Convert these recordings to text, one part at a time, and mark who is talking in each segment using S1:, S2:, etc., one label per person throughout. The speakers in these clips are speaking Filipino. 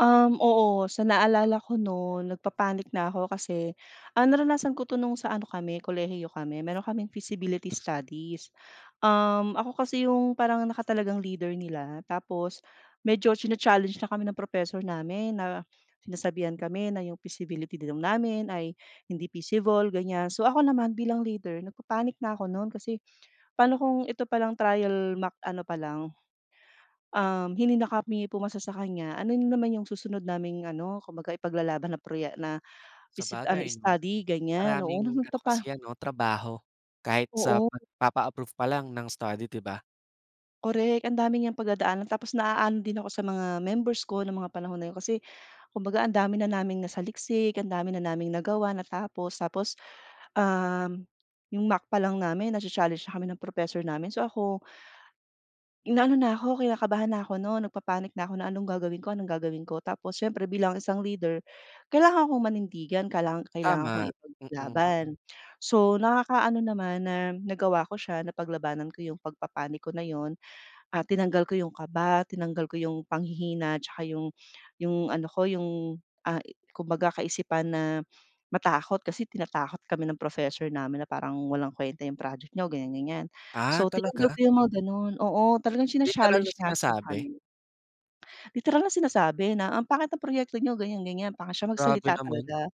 S1: Um, oo. Sa naalala ko nun, nagpa-panic na ako kasi, ah, naranasan ko 'to nung sa ano kami, kolehiyo kami. Meron kaming feasibility studies, um, ako kasi yung parang nakatalagang leader nila tapos medyo china-challenge na kami ng professor namin na sinasabihan kami na yung feasibility daw namin ay hindi feasible, ganyan. So, ako naman bilang leader, nagpa-panic na ako nun kasi paano kung ito palang trial mock ano palang, um, hindi na kami pumasa sa kanya, ano na naman yung susunod naming ano, kumbaga ipaglalaban na proye na feasi ano,
S2: Sabagay 'no?
S1: study ganyan, oo,
S2: Maraming ano kasi
S1: nagpapa
S2: 'yan 'no, trabaho kahit sa
S1: Oo.
S2: pagpapa-approve pa lang ng study, di ba?
S1: Korek. Ang dami niyang pagdadaanan tapos naano din ako sa mga members ko ng mga panahon na yun, kasi kumbaga ang dami na naming nasaliksik, ang dami na naming nagawa, natapos tapos, um, yung mock pa lang namin nacha-challenge na kami ng professor namin. So ako, inaano na ko, kinakabahan na ako nun, nagpa-panic na ako na, "Anong gagawin ko? anong gagawin ko?" Tapos siyempre bilang isang leader, kailangan kong manindigan, kailanga kailangan akong
S2: Tama, mm.
S1: ipaglaban. So, nakaka ano naman na nagawa ko siya, napaglabanan ko 'yong pagpa-panic ko na 'yon, ah, tinanggal ko 'yong kaba, tinanggal ko 'yong panghihina tsaka 'yong 'yong ano ko, 'yong, ah, kumbaga kaisipan na matakot kasi tinatakot kami ng professor namin na parang, "Walang kwenta 'yong project niyo, ganyan, ganyan."
S2: Ah,
S1: So, tinanggap
S2: talaga?
S1: ko yung mga gano'n oo, talagang
S2: Literal na
S1: china-challenge nga po
S2: sinasabi?
S1: kami. Literal na sinasabi na, "Ang pangit ng proyekto niyo, ganyan, ganyan." Pangit siya
S2: Grabe
S1: magsalita
S2: naman.
S1: talaga.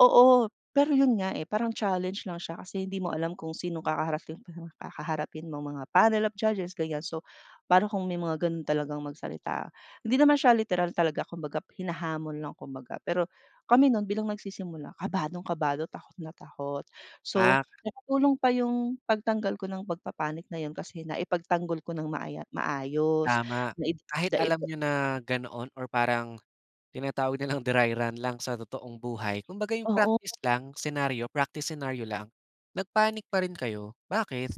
S1: Oo. Pero yun nga, eh, parang challenge lang siya kasi hindi mo alam kung sinong kakaharaping pang kaharapin mong mga panel of judges, ganyan. So, pa'no kung may mga gano'n talagang magsalita. Hindi naman siya literal talaga. Kumbaga hinahamon lang kumbaga. Pero kami nun bilang nagsisimula, kabadong-kado, takot na takot. So,
S2: Ah.
S1: nakatulong pa yung pagtanggal ko ng pagpa-panic na yun kasi naipagtanggol ko nang maaya maayos.
S2: Tama.
S1: Nai
S2: Kahit
S1: daipa
S2: alam niyo na ganoon or parang tinatawag nilang dry run lang sa totoong buhay, kumbaga yung
S1: Oo.
S2: practice lang, senaryo, practice senaryo lang, nag-panic pa rin kayo. Bakit?